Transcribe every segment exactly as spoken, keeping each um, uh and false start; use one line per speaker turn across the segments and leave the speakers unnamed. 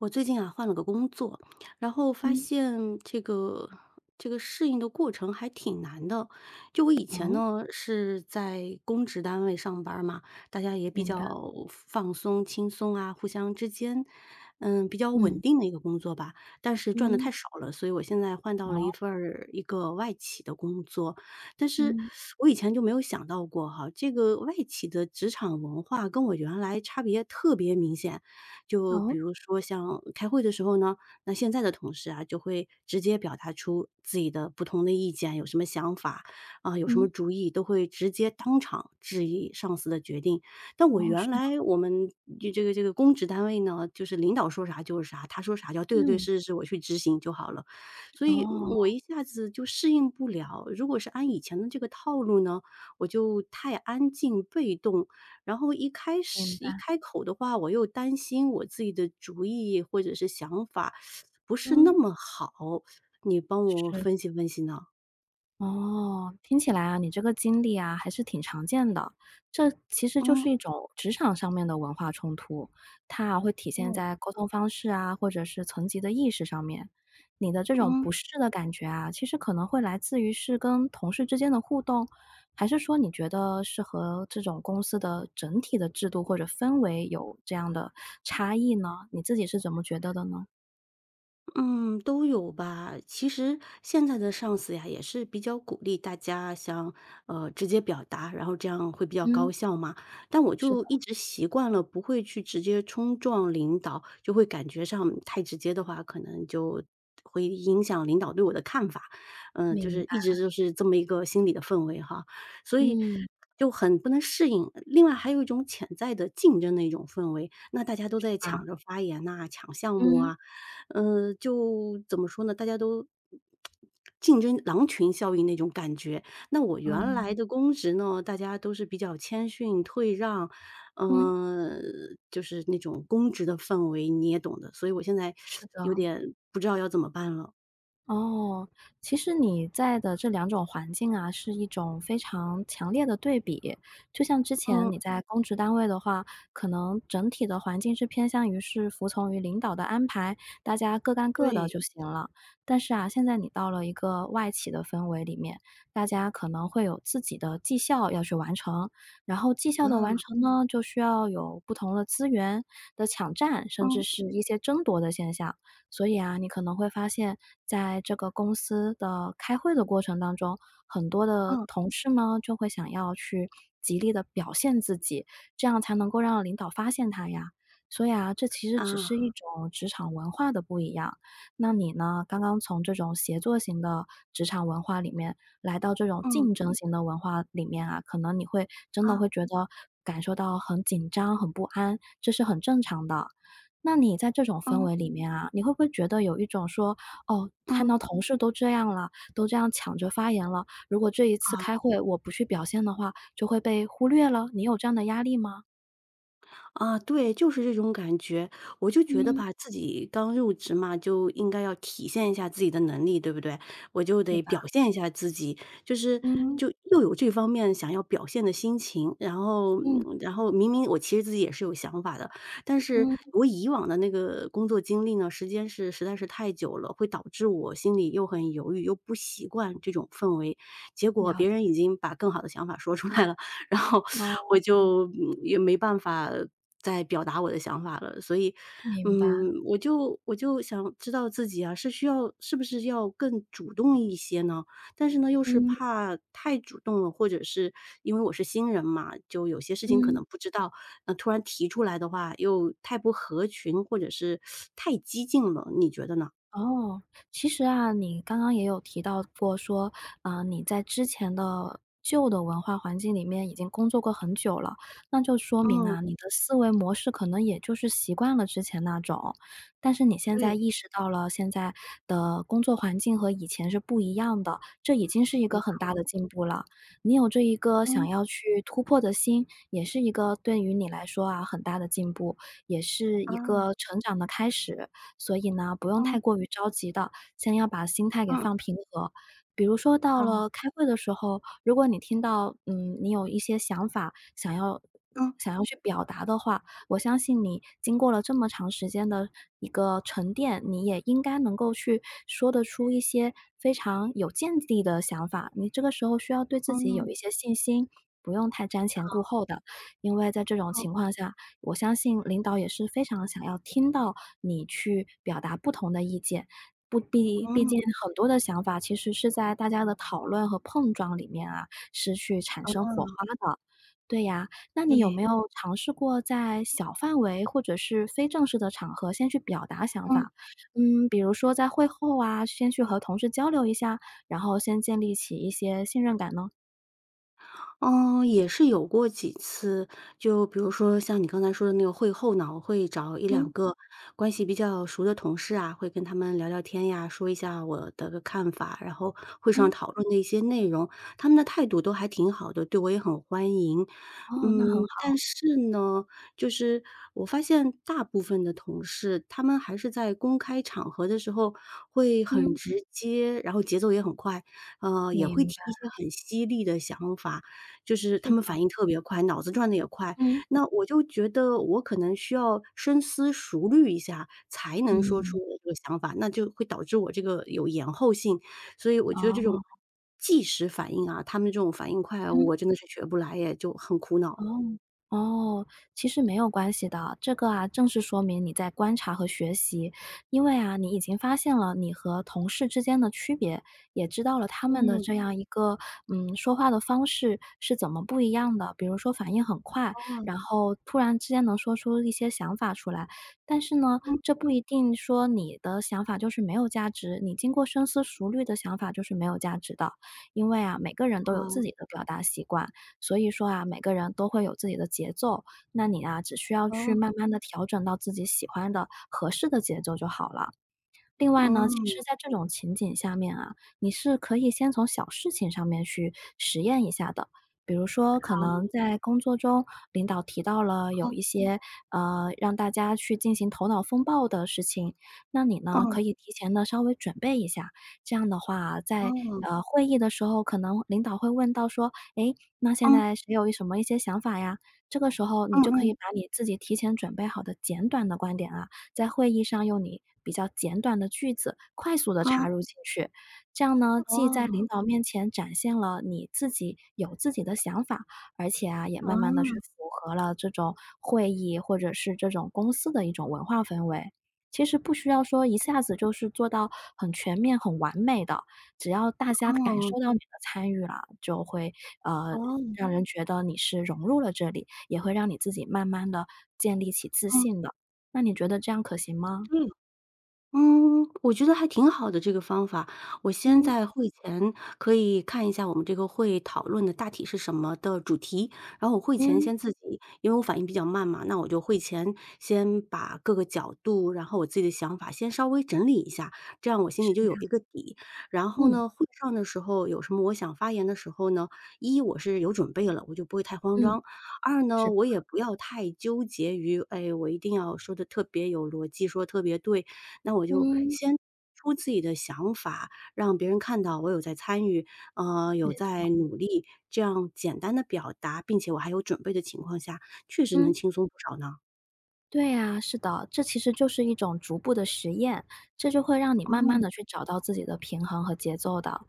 我最近啊，换了个工作，然后发
嗯。
现这个这个适应的过程还挺难的。就我以前
哦？
呢，是在公职单位上班儿嘛，大家也比
明白。
较放放松、轻松啊，互相之间，呃，比较稳
嗯。
定的一个工作吧，但是赚得太
嗯。
少了，所以我现在换到了
哦。
一份儿一个外企的工作。但是，
嗯。
我以前就没有想到过哈，这个外企的职场文化跟我原来差别特别明显。就
哦？
比如说像开会的时候呢，那现在的同事啊，就会直接表达出自己的不同的意见，有什么想法、呃，有什么
嗯。
主意，都会直接当场质疑上司的决定。但我
哦，是
原
吗？
来我们，这个这个公职单位呢，就是领导说啥就是啥，他说啥就要“对对对，
嗯。
是是是，我去执行”，就好了。所以，嗯，
哦。
我一下子就适应不了。如果是按以前的这个套路呢，我就太安静、被动，然后一开
明
始一
白。
开口的话，我又担心我自己的主意或者是想法，不是那
嗯。
么好，你帮我
是。
分析分析呢？
哦，听起来啊，你这个经历啊还是挺常见的。这其实就
嗯。
是一种职场上面的文化冲突，它啊会体现
嗯。
在沟通方式啊，或者是层级的意识上面。你的这种
嗯。
不适的感觉啊，其实可能会来自于是跟同事之间的互动，还是说你觉得是和这种公司的整体的制度或者氛围有这样的差异呢？你自己是怎么觉得的呢？
嗯，都有吧。其实现在的上司呀也是比较鼓励大家像呃，直接表达，然后这样会比较
嗯。
高效嘛。但我
是的。
就一直习惯了不会去直接冲撞领导，就会感觉上太直接的话，可能就会影响领导对我的看法。嗯，就
明
是一直
白。
就是这么一个心理的氛围哈，所以
嗯。
就很不能适应。另外还有一种潜在的竞争的一种氛围，那大家都
是
在
吧？
抢着发言呐、抢项目
嗯。
啊，呃，就怎么说呢？大家都 竞争，狼群效应那种感觉。那我原来
嗯。
的公职呢，大家都是比较谦逊、退让，
嗯。
呃，就是那种公职的氛围，你也懂得，所以我现在
是
有
的。
点不知道要怎么办了。
哦，其实你在的这两种环境啊，是一种非常强烈的对比，就像之前
嗯。
你在公职单位的话，可能整体的环境是偏向于是服从于领导的安排，大家各干各的
对。
就行了。但是啊，现在你到了一个外企的氛围里面，大家可能会有自己的绩效要去完成。然后绩效的完
嗯。
成呢，就需要有不同的资源的抢占，甚至
嗯。
是一些争夺的现象。所以啊，你可能会发现，在这个公司的开会的过程当中，很多的
嗯。
同事呢，就会想要去极力地表现自己，这样才能够让领导发现他呀。所以啊，这其实只
啊。
是一种职场文化的不一样。那你呢，刚刚从这种协作型的职场文化里面，来到这种
嗯。
竞争型的文化里面啊，可能你会真的
啊。
会觉得感受到很紧张、很不安，这是很正常的。那你在这种氛
嗯。
围里面啊，你会不会觉得有一种说，“哦，看到
嗯。
同事都这样了，都这样抢着发言了，如果这一次
啊。
开会我不去表现的话就会被忽略了”，你有这样的压力吗？
啊，对，就是这种感觉。我就觉得
嗯。
吧，自己刚入职嘛，就应该要体现一下自己的能力，对不对？我就
是
得
吧？
表现一下自己，就是
嗯。
就又有这方面想要表现的心情，然后
嗯。
嗯，然后明明我其实自己也是有想法的，但是
嗯。
我以往的那个工作经历呢，时间是实在是太久了，会导致我心里又很犹豫，又不习惯这种氛围。结果
了
别
解。
人已经把更好的想法说出来了，然后
哦，
我
嗯。
就，嗯，也没办法再表达我的想法了。所以，
明白。
嗯，我就我就想知道自己啊，是需要是不是要更主动一些呢？但是呢，又是
嗯。
怕太主动了，或者是因为我是新人嘛，就有些事情可
嗯。
能不知道，那突然提出来的话又太不合群，或者是 太激进了。你觉得呢？
哦，其实啊，你刚刚也有提到过说，呃，你在之前的旧的文化环境里面已经工作过很久了，那就说明
嗯。
啊，你的思维模式可能也就是习惯了之前那种。但是你现在
对。
意识到了，现在的工作环境和以前是不一样的，这已经是一个
没
很
错。
大的进步了。你有这一个想
嗯。
要去突破的心，也是一个对于你来说啊，很大的进步，也是一
啊。
个成长的开始。所以呢，不用
嗯。
太过于着急的，先要把心态给
嗯。
放平和。比如说到
好。
了开会的时候，如果你听到，嗯，你有一些想法，想要
嗯。
想要去表达的话，我相信你经过了这么长时间的一个沉淀，你也应该能够去说得出一些非常有见地的想法。你这个时候需要对自己有一
嗯。
些信心，不用太瞻前顾
好。
后的。因为在这种
嗯。
情况下，我相信领导也是非常想要听到你去表达不同的意见，不必毕
嗯。
竟很多的想法其实是在大家的讨论和碰撞里面啊，是去产生火
嗯。
花的。对呀，那你有
对。
没有尝试过在小范围，或者是非正式的场合先去表达想
嗯。
法？嗯，比如说在会后啊，先去和同事交流一下，然后先建立起一些信任感呢？
呃，也是有过几次。就比如说像你刚才说的那个。会后呢，我会找一两
嗯。
个关系比较熟的同事啊，会跟他们聊聊天呀，说一下我的看法，然后会上
嗯。
讨论那些内容，他们的态度都还挺好的，对我也很欢迎。
哦，那很
嗯，
好。
但是呢，就是我发现大部分的同事，他们还是在公开场合的时候会很
嗯。
直接，然后节奏也很快，呃，也会
明
提一些
白。
很犀利的想法，就是
是
他们
的。
反应特别快，脑子转得也快。
嗯。
那我就觉得我可能需要深思熟虑一下才能说
嗯。
出我的想法，那就会导致我这个有延后性。所以我觉得这种
哦。
计时反应啊，他们的这种反应快啊，
嗯。
我真的是学不来耶，就很苦恼。
哦，哦，其实没有关系的，这个啊，正是说明你在观察和学习。因为啊，你已经发现了你和同事之间的区别，也知道了他们的
嗯。
这样一个，嗯，说话方式是怎么不一样的，比如说反应很快，
哦。
然后突然之间能说出一些想法出来。但是呢，
嗯。
这不一定说你的想法就是没有价值你经过深思熟虑的想法就是没有价值的。因为啊，每个人都有自
啊。
己的表达习惯，所以说啊，每个人都会有自己的节奏，那你啊，只需要去
哦。
慢慢地调整到自己喜欢的、合适的节奏就好了。另外呢，其
嗯。
实在这种情景下面啊，你是可以先从小事情上面去实验一下的，比如说，可能
好。
在工作中领导提到了有
嗯。
一些，呃，让大家去进行头脑风暴的事情，那你呢，
嗯。
可以提前呢稍微准备一下。这样的话啊，在，
嗯。
呃，会议的时候，可能领导会问到说：“诶，那现
嗯。
在谁有一什么一些想法呀？”这个时候你
嗯
就可以
嗯。
把你自己提前准备好的简短的观点啊，在会议上用你比较简短的句子快速地
嗯。
插入进去。这样呢，既在
哦。
领导面前展现了你自己有自己的想法，而且啊，也慢慢地去
嗯。
符合了这种会议，或者是这种公司的一种文化氛围。其实不需要说一下子就是做到很全面、很完美的，只要大家感
嗯。
受到你的参与了，就会，呃，
哦。
让人觉得你是融入了这里，也会让你自己慢慢地建立起自
嗯。
信的，那你觉得这样可行吗？
嗯。嗯，我觉得还挺好的，这个方法。我先
嗯。
在会前可以看一下我们这个会，讨论的大体是什么的主题，然后我会前
嗯。
先自己因为我反应比较慢嘛，那我就会前先把各个角度，然后我自己的想法先稍微整理一下，这样我心
是
里就有一
呀。
个底。然后
嗯。
呢，会上的时候有什么我想发言的时候呢，一我是有准备了，我就不会太慌
嗯。
张；二
是
呢，
的。
我也不要太纠结于，哎，我一定要说得特别有逻辑、说得特别对。那我就
嗯。
先说自己的想法，让别人看到我有在参与，啊，
没
有
错。
在努力，这样简单地表达，并且我还有准备的情况下，确实能
嗯。
轻松不少呢。
对啊，是的，这其实就是一种逐步的实验，这就会让你慢慢
嗯。
地去找到自己的平衡和节奏的。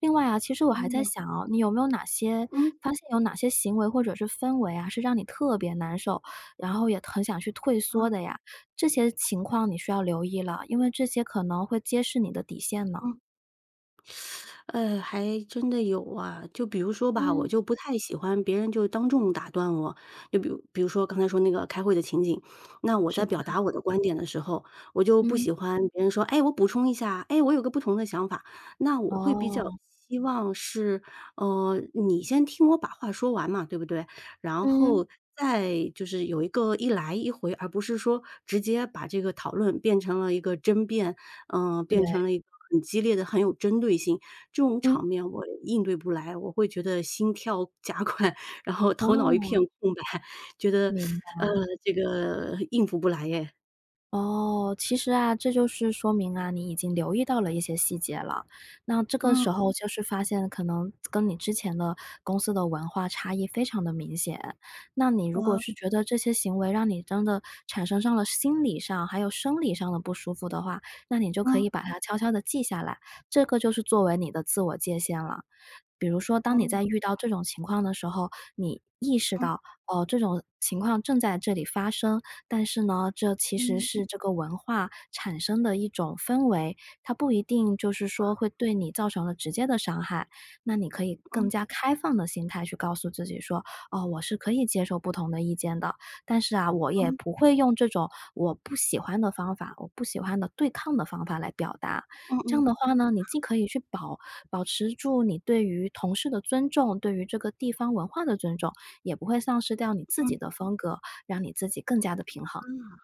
另外啊，其实我还在
嗯。
想哦，你有没有哪些
嗯。
发现有哪些行为或者是氛围啊，是让你特别难受，然后也很想去退缩
啊。
的呀？这些情况你需要留意了，因为这些可能会揭示你的底线呢。
嗯。呃，还真的有啊。就比如说吧，我
嗯。
就不太喜欢别人就当众打断我。就比如比如说，刚才说那个开会的情景，那我
是
在
吧？
表达我的观点的时候，我就不
嗯。
喜欢别人说：“诶，我补充一下。诶，我有个不同的想法。”那我会比较
哦。
希望是，呃，你先听我把话说完嘛，对不对？然
嗯。
后再就是有一个一来一回，而不是说直接把这个讨论变成了一个争辩，呃，变
对。
成了一个很激烈的、很有针对性。这种
嗯。
场面我应对不来，我会觉得心跳加快，然后头脑一
哦。
片空白，觉得，
明
呃，
白。
这个应付不来哎。
哦，其实啊，这就是说明啊，你已经留意到了一些细节了。那这个
嗯。
时候就是发现，可能跟你之前的公司的文化差异非常地明显。那你如果
啊。
是觉得这些行为让你真的产生上了心理上还有生理上的不舒服的话，那你就可
嗯。
以把它悄悄地记下来，这个就是作为你的自我界限了。比如说，当你
嗯。
在遇到这种情况的时候，你意识
嗯。
到，哦，这种情况正在这里发生。但是呢，这其实
嗯。
是这个文化产生的一种氛围，它不一定就是说
啊。
会对你造成了直接的伤害。那你可以更
嗯。
加开放的心态去告诉自己说：“哦，我是可以接受不同的意见的，但是啊，我也
嗯。
不会用这种我不喜欢的方法我不喜欢的对抗的方法来表达。”
嗯
这样
嗯。
的话呢，你
是
既
哦。
可以去保保持住你对于同事的尊重，对于这个地方文化的尊重，也不会丧失掉你自
嗯。
己的风格，让你自己更加地平衡。
啊。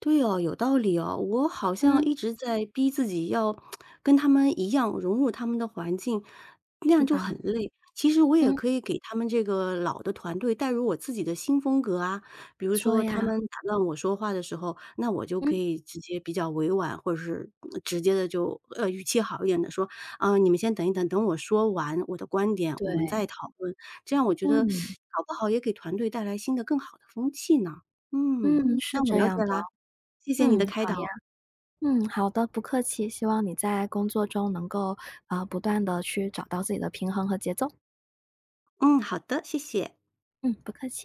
对哦，有道理哦，我好像
嗯。
一直在逼自己要 跟他们一样，融入他们的环境，那
是
样就
吧。
很累，其实我也
嗯。
可以给他们这个老的团队带入我自己的新风格啊。比
没
如
错
说他
呀。
们打断我说话的时候，那我就可
嗯。
以直接比较委婉，或者是，嗯，直接地就，呃，语气好一点地说：“啊，你们先等一等，等我说完我的观点，我们再
对。
讨论。”这样我觉得，
嗯。
搞不好也能给团队带来新的、更好的风气呢。嗯，
嗯，是
那我
这
了解
样的。
啦，谢谢你
嗯，
的开
好呀。
导。
嗯，好的，不客气，希望你在工作中能够，呃，不断地去找到自己的平衡和节奏。
嗯，好的，谢谢。
嗯，不客气。